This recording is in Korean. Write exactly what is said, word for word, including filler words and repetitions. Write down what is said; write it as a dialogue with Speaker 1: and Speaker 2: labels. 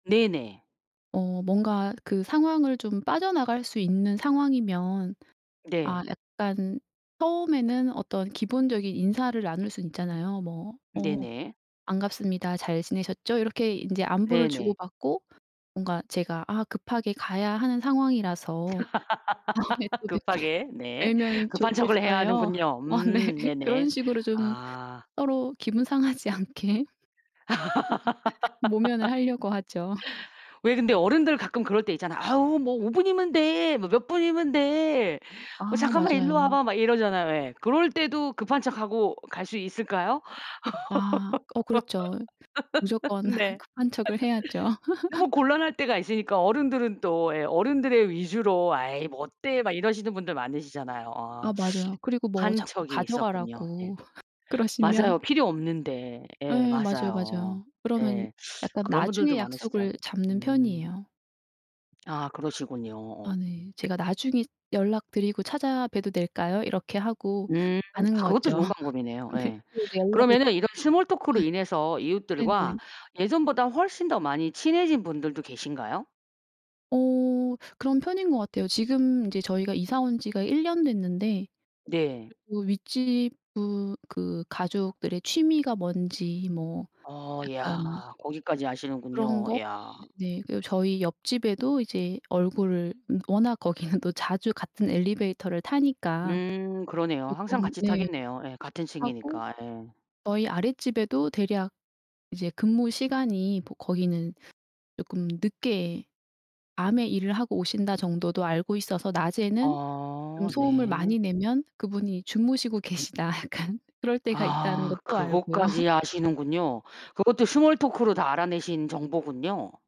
Speaker 1: 네네.
Speaker 2: 어 뭔가 그 상황을 좀 빠져나갈 수 있는 상황이면 아
Speaker 1: 네.
Speaker 2: 약간 처음에는 어떤 기본적인 인사를 나눌 순 있잖아요. 뭐 "어
Speaker 1: 네네.
Speaker 2: 반갑습니다. 잘 지내셨죠?" 이렇게 인제 안부를
Speaker 1: 네네.
Speaker 2: 주고받고 뭔가 "제가 아 급하게 가야 하는 상황이라서 다음에 또 뵙게
Speaker 1: 급하게 네.
Speaker 2: 뵈면
Speaker 1: 급한 척을 해야
Speaker 2: 좋겠어요."
Speaker 1: 하는군요.
Speaker 2: 어 네.
Speaker 1: 음 네네.
Speaker 2: 그런 식으로 좀
Speaker 1: 아.
Speaker 2: 서로 기분 상하지 않게 모면을 하려고 하죠.
Speaker 1: 왜 근데 어른들 가끔 그럴 때 있잖아요. 아우 뭐 "오 분이면 돼." 뭐 "몇 분이면 돼. 어
Speaker 2: 아
Speaker 1: 잠깐만 이리로
Speaker 2: 맞아요.
Speaker 1: 와봐." 막 이러잖아요, 왜. 그럴 때도 급한 척하고 갈 수 있을까요?
Speaker 2: 아. 어 그렇죠. 무조건
Speaker 1: 네.
Speaker 2: 급한 척을 해야죠.
Speaker 1: 너무 곤란할 때가 있으니까 어른들은 또 예 어른들의 위주로 "에이 뭐 어때." 막 이러시는 분들 많으시잖아요. 아.
Speaker 2: 아 맞아요. 그리고 뭐
Speaker 1: 급한
Speaker 2: 자꾸
Speaker 1: 척이 있었군요. 네.
Speaker 2: 가져가라고 그러시면
Speaker 1: 맞아요. 필요 없는데. 예
Speaker 2: 예 맞아요,
Speaker 1: 맞아요.
Speaker 2: 맞아요. 그러면
Speaker 1: 예.
Speaker 2: 약간
Speaker 1: 그런
Speaker 2: 나중에
Speaker 1: 분들도
Speaker 2: 약속을
Speaker 1: 많으시더라고요.
Speaker 2: 잡는
Speaker 1: 음.
Speaker 2: 편이에요.
Speaker 1: 아 그러시군요. 어.
Speaker 2: 아 네. "제가 나중에 연락드리고 찾아봬도 될까요?" 이렇게 하고
Speaker 1: 음.
Speaker 2: 가는
Speaker 1: 아 그것도
Speaker 2: 거죠.
Speaker 1: 좋은 방법이네요.
Speaker 2: 네
Speaker 1: 예.
Speaker 2: 그리고 이제 연락을
Speaker 1: 그러면은
Speaker 2: [unintelligible]
Speaker 1: 이런 스몰 토크로 인해서 이웃들과
Speaker 2: 네네.
Speaker 1: 예전보다 훨씬 더 많이 친해진 분들도 계신가요?
Speaker 2: 어 그런 편인 것 같아요. 지금 이제 저희가 이사 온 지가 일 년 됐는데
Speaker 1: 네.
Speaker 2: 그 윗집 분 그 가족들의 취미가 뭔지 뭐
Speaker 1: 어
Speaker 2: 약간
Speaker 1: 야. 거기까지
Speaker 2: 그런
Speaker 1: 아시는군요.
Speaker 2: 거.
Speaker 1: 야.
Speaker 2: 네네. 그리고 저희 옆집에도 이제 얼굴을 음 워낙 거기는 또 자주 같은 엘리베이터를 타니까
Speaker 1: 음. 그러네요. 항상
Speaker 2: 쪼끔
Speaker 1: 같이
Speaker 2: 네
Speaker 1: 타겠네요. 예 같은
Speaker 2: 하고
Speaker 1: 층이니까 예.
Speaker 2: 저희 아랫집에도 대략 이제 근무시간이 뭐 거기는 쪼끔 늦게 밤에 일을 하고 오신다 정도도 알고 있어서 낮에는 좀
Speaker 1: 어
Speaker 2: 소음을
Speaker 1: 네.
Speaker 2: 많이 내면 그분이 주무시고 계시다. 약간 그럴 때가 있다는
Speaker 1: 아.
Speaker 2: 것도 알고요.
Speaker 1: 그것까지 아시는군요. 그것도 스몰 토크로 다 알아내신 정보군요.